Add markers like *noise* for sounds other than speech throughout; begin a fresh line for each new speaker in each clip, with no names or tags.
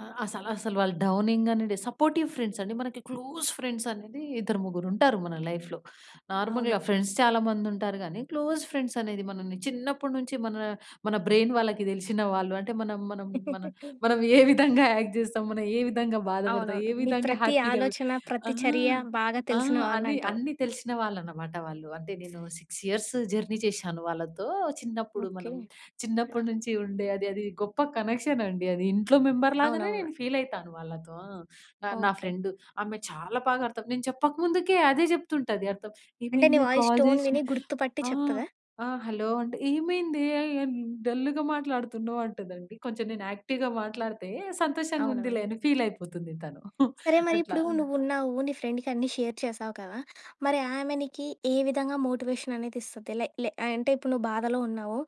ఆహ్, అసల అసలు వాళ్ళు డౌనింగేనండి. సపోర్టివ్ ఫ్రెండ్సండి. మనకి క్లోజ్ ఫ్రెండ్సనేది ఇద్దరు ముగ్గురుంటారు మన లైఫ్‌లో.
అవును.
నార్మల్‌గా ఫ్రెండ్స్ చాలా మందుంటారు గానీ, క్లోజ్ ఫ్రెండ్సనేది మనని చిన్నప్పుడు నుంచి మనా, మన బ్రెయిన్ వాళ్ళకి తెలిసిన వాళ్ళు. అంటే, మనం మనం మన
*laughs*
మనం *giggles* ఏ విధంగా యాక్ట్ జేస్తాం, మనం ఏ విధంగా బాధపడతాం,
అవునవును.
ఏ
మీ
విధంగా
ప్రతి
హ్యాపీగ వ్
ఆలోచన,
ఆ!
ప్రతి చర్య బాగా
ఆ!
తెలిసిన
అన్ని
వాళ్ళంటావు.
అన్నీ తెలిషిన వాళ్ళనమాట వాళ్ళు. అంటే, నేను 6 ఇయర్స్ జర్నీ చేషాను వాళ్ళతో. చిన్నప్పుడు
ఓకే.
మనం
ఆ!
చిన్నప్పుడు నుంచి ఉండే అది అది గొప్ప కనెక్షనండి అది. ఇంట్లో మెంబర్‌లాగనే
అవునవును.
నేను ఫీలయితాను వాళ్ళతో. ఆ! నా
ఓకే.
ఫ్రెండు, ఆమె చాలా బాకర్థం నేను చెప్పక ముందుకే అదే జెప్తుంటది అర్థం.
అంటే, నీ
ఏమైందే
వాయిస్
కాల్
టోన్
జేసిన
విని గుర్తుపట్టి
ఆ!
చెప్తదా?
ఆ! "హలో అంటే, ఏమైందే ఎ ఎన్ డల్లుగా మాట్లాడుతున్నావు?" అంటదండి. కొంచెం నేను యాక్టివ్‌గా మాట్లాడితే సంతోషంగుందిలే
అవునవును.
అని ఫీలయిపోతుంది తను. *giggles*
సరే.
అట్లా.
మరిప్పుడూ నువ్వున్నావు, నీ ఫ్రెండుకన్నీ షేర్ చేశావు కదా! మరి ఆమె నీకి ఏ విధంగా మోటివేషననేది ఇస్తది. లే లే అంటే, ఇప్పుడు నువ్వు బాధలో ఉన్నావు,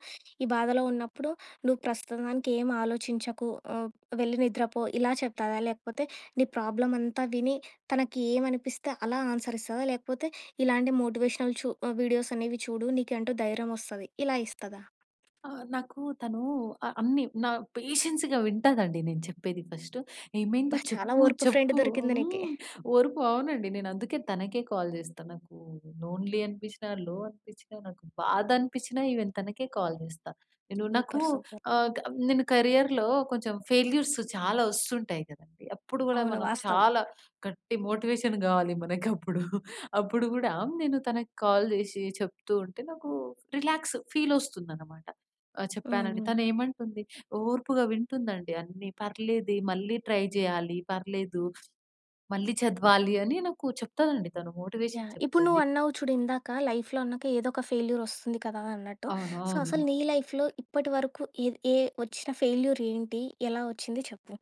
ఈ బాధలో ఉన్నప్పుడు "నువ్వు ప్రస్తుతానికేమాలోచించకు, హ్మ్, వెళ్ళి నిద్రపో" ఇలా చెప్తాదా? లేకపోతే నీ ప్రాబ్లమంతా విని తనకి ఏవనిపిస్తే అలా ఆన్సరిస్తదా? లేకపోతే, ఇలాంటి మోటివేషనల్ చు వీడియోసనేవి చూడు నీకంటూ ధైర్యమొస్తది, ఇలా ఇస్తదా?
ఆ! నాకూ, తనూ ఆహ్, అన్నీ. నా పేషెన్స్‌గా వింటదండి నేను చెప్పేది ఫస్ట్. ఏమైందో
అబ్బా! చాలా
చెప్పు,
ఓర్పు ఫ్రెండు
చెప్పు
దొరికింది నీకి.
హ్మ్. ఓర్పు అవునండి. నేనందుకే తనకే కాల్ జేస్తా, నాకూ లోన్లీ అనిపిచ్చినా, లో అనిపిచ్చినా, నాకు బాధనిపిచ్చినా ఈవెన్ తనకే కాల్ జేస్తా. నేను నాకూ
సూపర్. సూపర్.
ఆహ్, కబ్ నేను కరియర్‌లో కొంచెం ఫెయిల్యూర్స్ చాలా ఒస్తుంటాయి కదండి. అప్పుడు గూడా
అవును.
మనం
వాస్తవం.
చాలా గట్టి మోటివేషన్ గావాలి మనకప్పుడు. *giggles* అప్పుడు గూడా నేను తనకి కాల్ జేసీ చెప్తూ ఉంటే, నాకూ రిలాక్స్ ఫీలొస్తుందనమాట ఆహ్,
హ్మ్.
చెప్పానని.
హ్మ్.
తనేమంటుంది, ఓర్పుగా వింటుందండి అన్నీ. "పర్లేదే మళ్ళీ ట్రై జెయ్యాలి, పర్లేదు. మళ్ళీ చదవాలి" అని నాకు చెప్తదండి తను మోటివేషన్
యాహ్! ఇప్పుడు
చెప్తది.
నువ్వన్నావు చూడు ఇందాక, లైఫ్‌లో అన్నాక ఏదొక ఫెయిల్యూరొస్తుంది కదా! అన్నట్టు.
అవును.
సో, అసలు
అవును.
నీ లైఫ్‌లో ఇప్పటి వరకు ఏద్ ఏ ఒచ్చిన ఫెయిల్యూరేంటి? ఎలా ఒచ్చింది? చెప్పు.